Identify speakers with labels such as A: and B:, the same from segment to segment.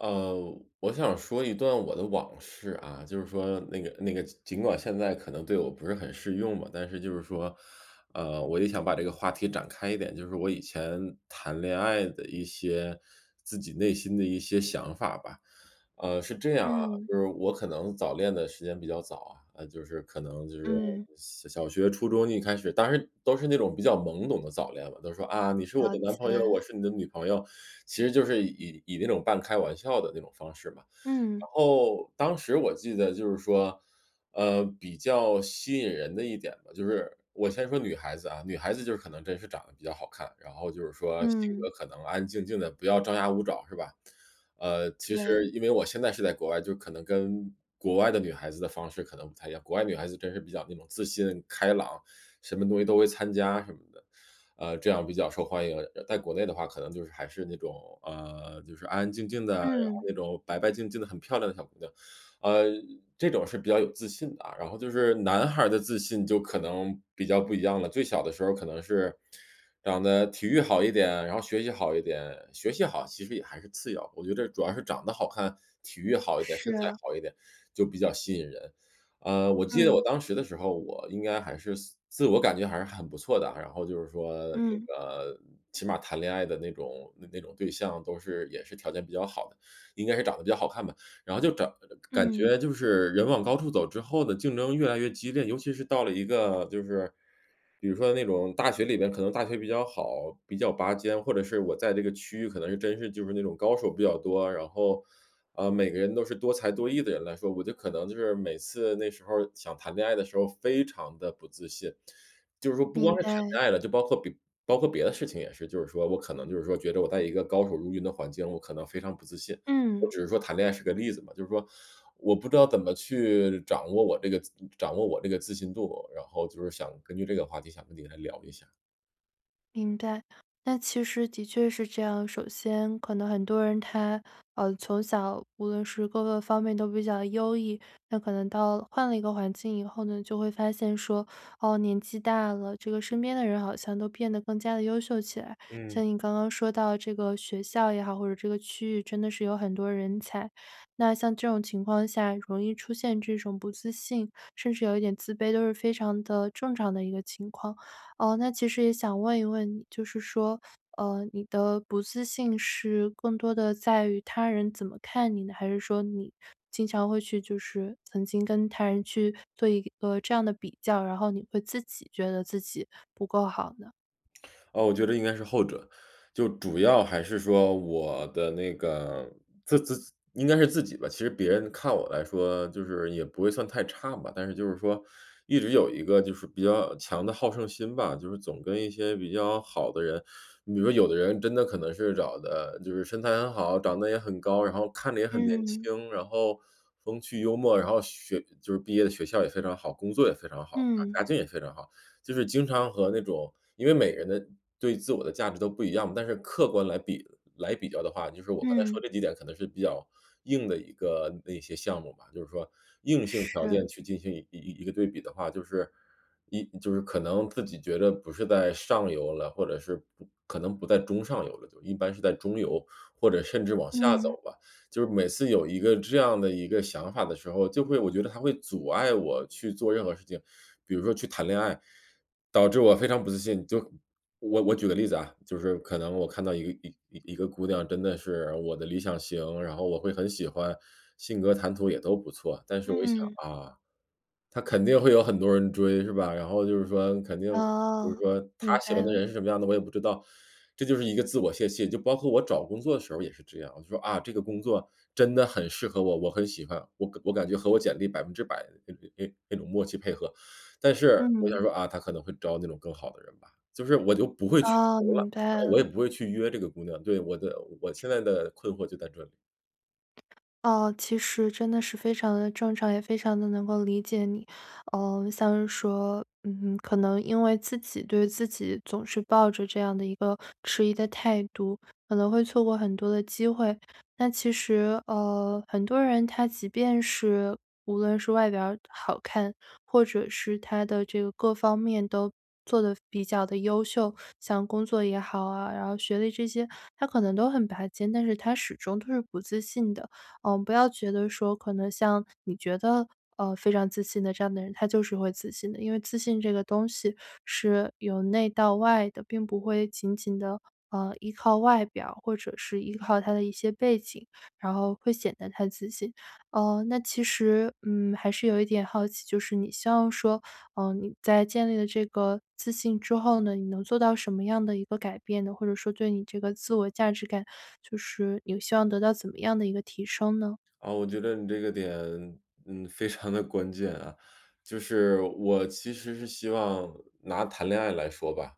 A: 呃，我想说一段我的往事啊。就是说那个那个，尽管现在可能对我不是很适用吧，但是就是说，呃，我就想把这个话题展开一点，就是我以前谈恋爱的一些自己内心的一些想法吧。呃，是这样啊，
B: 嗯。
A: 就是我可能早恋的时间比较早，啊，就是可能就是
B: 嗯。
A: 小小学初中一开始，当时都是那种比较懵懂的早恋吧，都说啊，你是我
B: 了
A: 的男朋友，我
B: 解。
A: 是你的女朋友。其实就是以以以那种半开玩笑的那种方式嘛。
B: 嗯。
A: 然后，当时我记得就是说，呃，比较吸引人的一点吧，就是我先说女孩子啊，女孩子就是可能真是长得比较好看，然后就是说性格
B: 嗯。
A: 可能安安静静的，不要张牙舞爪是吧？呃，其
B: 对。
A: 实因为我现在是在国外，就可能跟国外的女孩子的方式可能不太一样，国外女孩子真是比较那种自信开朗，什么东西都会参加什么的，呃，这样比较受欢迎。但国内的话可能就是还是那种，呃，就是安安静静的，然后
B: 嗯。
A: 那种白白净净的很漂亮的小姑娘，呃，这种是比较有自信的啊。然后就是男孩儿的自信就可能比较不一样了。最小的时候可能是长得体育好一点，然后学习好一点，学习好其实也还是次要，我觉得主要是长得好看，体育好一点，身
B: 是
A: 材
B: 啊。
A: 好一点，就比较吸引人。呃，我记得我
B: 嗯。
A: 当时的时候，我应该还是自自我感觉还是很不错的，然后就是说，比如
B: 嗯。
A: 说，呃，起码谈恋爱的那种那种对象都是也是条件比较好的，应该是长得比较好看吧。然后就找感
B: 嗯。
A: 觉就是人往高处走之后的竞争越来越激烈，尤其是到了一个就是比如说那种大学里边，可能大学比较好，比较拔尖，或者是我在这个区域可能是真是就是那种高手比较多，然后，啊，每个人都是多才多艺的人来说，我觉得可能就是每次那时候想谈恋爱的时候非常地不自信。就是说不光
B: 明
A: 是谈
B: 白。
A: 恋爱了，就包括别包括别的事情也是就是说，我可能就是说觉得我在一个高手如云的环境，我可能非常不自信，我
B: 嗯。
A: 只是说谈恋爱是个例子嘛，就是说我不知道怎么去掌握我这个掌握我这个自信度，然后就是想根据这个话题想跟你聊一下。
B: 明白，那其实的确是这样。首先可能很多人他，呃，从小，无论是各个方面都比较优异。那可能到了换了一个环境以后呢，就会发现说：“哦，年纪大了，这个身边的人好像都变得更加地优秀起来。”
A: 嗯。
B: 像你刚刚说到这个学校也好，或者这个区域真的是有很多人才。那像这种情况情况下，容易出现这种不自信，甚至有一点自卑，都是非常的正常的一个情况。呃，那其实也想问一问你，就是说，呃，你的不自信是更多的在于他人怎么看你？还是说你经常会去就是曾经跟他人去做一个这样的比较，然后你会自己觉得自己不够好呢？
A: 啊，我觉得应该是后者。就主要还是说我的那个自自应该是自己吧，其实别人看我来说就是也不会算太差吧，但是就是说，一直有一个就是比较强的好胜心吧，就是总跟一些比较好的人你比如说有的人真的可能是长得就是身材很好，长得也很高，然后看着也很年
B: 嗯。
A: 轻，然后风趣幽默，然后学就是毕业的学校也非常好，工作也非常好，
B: 嗯。
A: 家境也非常好。就是经常和那种因为每个人的对自我的价值都不一样，但是客观来比来比较的话，就是我刚才
B: 嗯。
A: 说这几点可能是比较硬的一个那些项目吧，就是说硬性条
B: 是。
A: 件去进行一一一个对比的话，就是一就是可能自己觉得不是在上游了，或者是不可能不在中上游了就，一般是在中游或者甚至往下
B: 嗯。
A: 走吧。就是每次有一个这样的一个想法的时候，就会我觉得它会阻碍我去做任何事情。比如说去谈恋爱，导致我非常不自信。就我我举个例子啊，就是可能我看到一一一个姑娘真的是我的理想型，然后我会很喜欢，性格谈吐也都不错。但是我一想：
B: 嗯。
A: “啊，她肯定会有很多人追，是吧，然后就是说肯定就是
B: 哦，
A: 说
B: 明
A: 她喜
B: 白
A: 欢的
B: 了。
A: 人是什么样的，我也不知道。“这就是一个自我泄气，就包括我找工作的时候，也是这样。我就说：“啊，这个工作真的很适合我，我很喜欢，我感我感觉和我简历100%的哎哎哎那种默契配合。“但是我想
B: 嗯。
A: 说：”啊，它可能会招那种更好的人吧。“就是我就不会去
B: 哦，
A: 投了，
B: 明白
A: 我
B: 了。
A: 也不会去约这个姑娘对，我的我现在的困惑就在这里。
B: 呃，其实真的是非常地正常，也非常地能够理解你。呃，像是说，嗯，可能因为自己对自己总是抱着这样的一个迟疑的态度，可能会错过很多的机会。那其实，呃，很多人他即便是无论是外表好看，或者是他的这个各方面都做得比较地优秀，像工作也好啊，然后学历这些他可能都很拔尖，但是他始终都是不自信的。嗯，不要觉得说可能像你觉得，呃，非常自信的这样的人，他就是会自信的，因为自信这个东西是由内到外的，并不会仅仅地，呃，依靠外表或者是依靠他的一些背景，然后会显得他自信。呃，那其实，嗯，还是有一点好奇，就是你希望说，呃，你在建立了这个自信之后呢，你能做到什么样的一个改变呢？或者说对你这个自我价值感，就是你希望得到怎么样的一个提升呢？
A: 啊，我觉得你这个点，嗯，非常地关键啊。就是我其实是希望拿谈恋爱来说吧，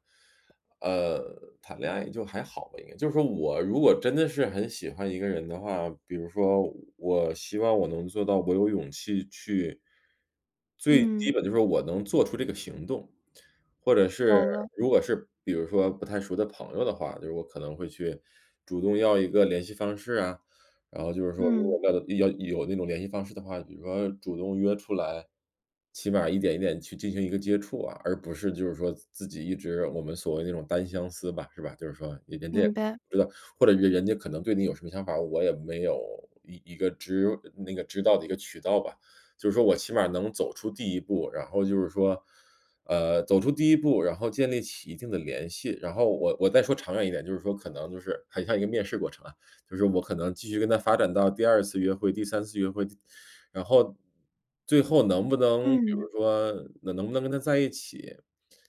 A: 呃，谈恋爱就还好吧应该。就说我如果真的是很喜欢一个人的话比如说我希望我能做到我有勇气去最基
B: 嗯。
A: 本就是我能做出这个行动，或者是
B: 懂了。
A: 如果是比如说不太熟的朋友的话，就是我可能会去主动要一个联系方式啊，然后就是说如果
B: 嗯。
A: 要的要有那种联系方式的话，比如说主动约出来，起码一点一点去进行一个接触啊，而不是就是说自自己一直我们所谓那种单相思吧，是吧？就是说人人家也
B: 明白。
A: 不知道，或者人人家可能对你有什么想法我也没有一一个知呃那个知道的一个渠道吧，就是说我起码能走出第一步。然后就是说，呃，走出第一步，然后建立起一定的联系，然后我我再说长远一点，就是说可能就是很像一个面试过程啊，就是我可能继续跟她发展到第二次约会、第三次约会，就然后，最后能不能比
B: 嗯。
A: 如说能不能跟她在一起，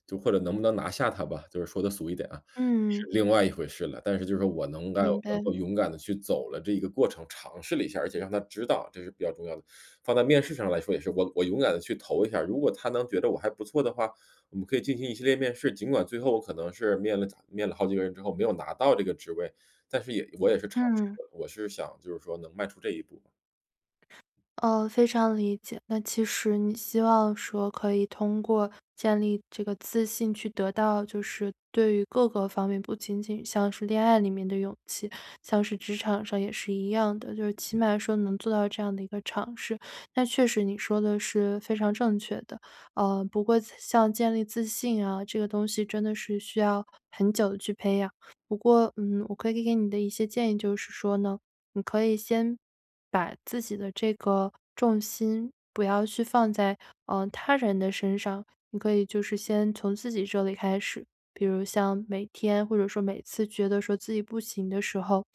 A: 就或者能不能拿下她吧，就是说得俗一点啊，是
B: 嗯。
A: 另外一回事了。但是就是我能到
B: 明
A: 能
B: 白。
A: 够勇敢地去走了这个过程，尝试了一下，而且让她知道，这是比较重要的。放在面试上来说也是我我勇敢地去投一下，如果他能觉得我还不错的话，我们可以进行一系列面试。尽管最后我可能是面了咋面了好几个人之后没有拿到这个职位，但是也我也是尝试
B: 嗯。
A: 过，我是想就是说能迈出这一步吧。
B: 呃，非常理解。那其实你希望说可以通过建立这个自信去得到就是对于各个方面不仅仅像是恋爱里面的勇气，像是职场上也是一样的。就是起码说能做到这样的一个尝试，那确实你说的是非常正确的。呃，不过像建立自信啊，这个东西真的是需要很久去培养。不过，嗯，我可以给你的一些建议就是说呢，你可以先把自己的这个重心不要去放在，呃，他人的身上，你可以就是先从自己这里开始。比如像每天或者说每次觉得说自己不行的时候，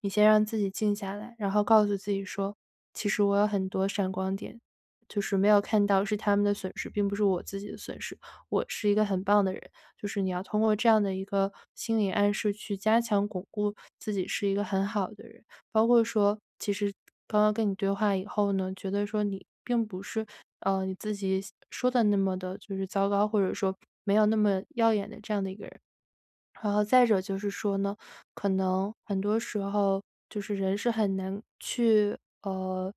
B: 你先让自己静下来，然后告诉自己说：“其实我有很多闪光点，就是没有看到是他们的损失，并不是我自己的损失，我是一个很棒的人！“就是你要通过这样的一个心理暗示去加强巩固自己是一个很好的人。包括说其实刚刚跟你对话以后呢，觉得说你并不是，呃，你自己想说得那么地就是糟糕，或者说没有那么耀眼的这样的一个人。然后再者就是说呢，可能很多时候，就是人是很难去，呃，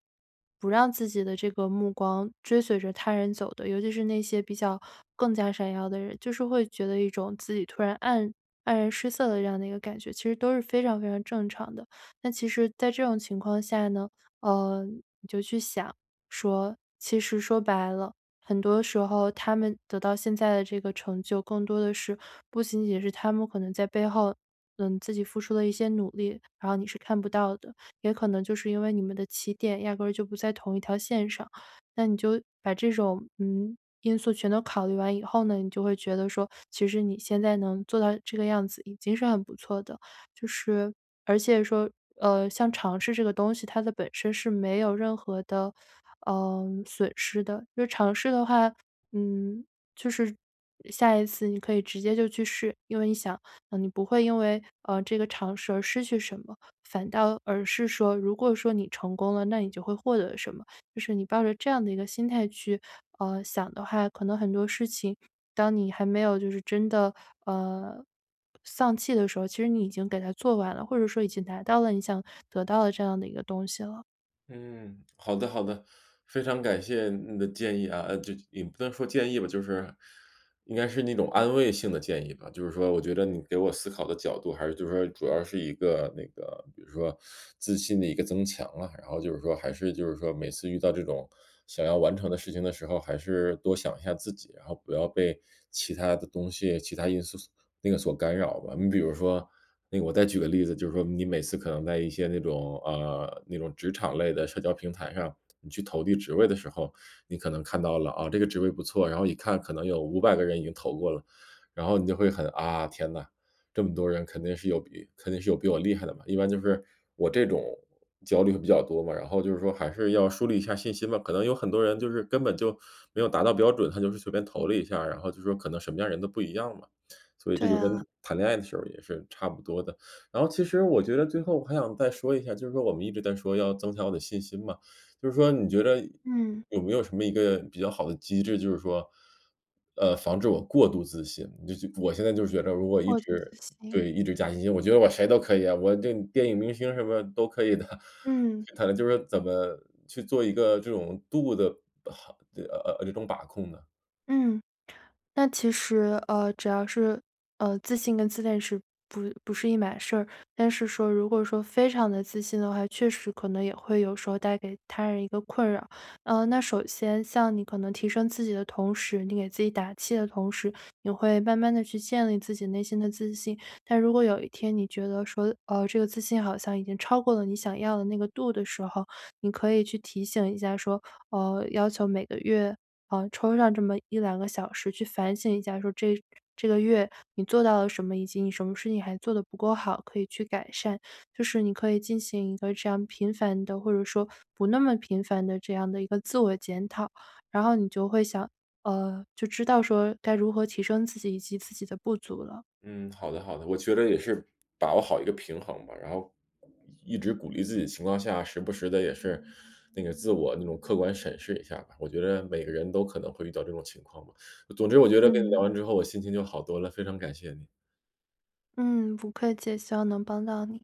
B: 不让自己的这个目光追随着他人走的，尤其是那些比较更加闪耀的人。就是会觉得一种自己突然黯黯然失色的这样的一个感觉，其实都是非常非常正常的。但其实在这种情况下呢，呃，你就去想说，其实说白了，很多时候他们得到现在的这个成就，更多的是不仅仅是他们可能在背后，嗯，自己付出了一些努力，然后你是看不到的，也可能就是因为你们的起点压根儿就不在同一条线上。那你就把这种，嗯，因素全都考虑完以后呢，你就会觉得说其实你现在能做到这个样子已经是很不错的。就是，而且说，呃，像尝试这个东西，它的本身是没有任何的，嗯，损失的，就尝试的话嗯，就是，呃，下一次你可以直接就去试，因为你想，啊，你不会因为，呃，这个尝试而失去什么，反倒而是说如果说你成功了，那你就会获得什么？就是你抱着这样的一个心态去，呃，想的话可能很多事情，当你还没有就是真的，呃，丧气的时候，其实你已经给它做完了，或者说已经拿到了你想得到的这样的一个东西了。
A: 嗯，好的好的。非常感谢你的建议啊，呃就也不能说建议吧，就是应该是那种安慰性的建议吧。就是说我觉得你给我思考的角度还是就是说，主要是一个那个比如说，自信的一个增强了。然后就是说还是就是说，每次遇到这种想要完成的事情的时候，还是多想一下自己。然后不要被其它的东西，其他因素素那个所干扰吧。你比如说那个我再举个例子，就是说，你每次可能在一些那种，呃那种职场类的社交平台上，你去投递职位的时候。你可能看到了，啊，这个职位不错，然后一看可能有500个人已经投过了。然后你就会很啊，天呐，这么多人肯定是有比肯定是有比我厉害的嘛。一般就是，我这种焦虑比较多嘛，然后就是说，还是要树立一下信心吧。可能有很多人就是根本就没有达到标准，他就是随便投了一下，然后就说，可能什么样的人都不一样嘛。所以
B: 对
A: 这就跟
B: 啊。
A: 谈恋爱的时候也是差不多的。然后其实我觉得最后我还想再说一下，就是说我们一直在说，要增强我的信心嘛。就是说你觉得
B: 嗯。
A: 有没有什么一个比较好的机制，就是说，呃，防止我过度自信。你就我现在就觉着如果一
B: 过度自
A: 直，
B: 信。
A: 对一直加信心，我觉得我谁都可以啊，我对电影明星什么都可以的。
B: 嗯。
A: 就可能就是怎么去做一个，这种度的好对，呃呃这种把控呢？
B: 嗯。那其实，呃，只要是，呃，自信跟自恋是不不是一码事儿。但是说如果说，非常地自信的话，确实可能也会有时候带给他人一个困扰。呃，那首先像你可能提升自己的同时，你给自己打气的同时，也会慢慢地去建立自己内心的自信。但如果有一天你觉得说，呃，这个自信好像已经超过了你想要的那个度的时候，你可以去提醒一下说，呃，要求每个月，呃，抽上这么1-2个小时去反省一下，说这这个月你做到了什么？以及你什么事情还做得不够好，可以去改善。就是你可以进行一个这样频繁的，或者说不那么频繁的，这样的一个自我检讨。然后你就会想呃，就知道说该如何提升自己，以及自己的不足了。
A: 嗯，好的好的。我觉得也是把握好一个平衡吧，然后一直鼓励自己的情况下，时不时地，也是那个自我那种客观审视一下吧。我觉得每个人都可能会遇到这种情况吧，总之我觉得跟你聊
B: 嗯。
A: 完之后，我心情就好多了，非常感谢你。
B: 嗯，不客气，希望能帮到你。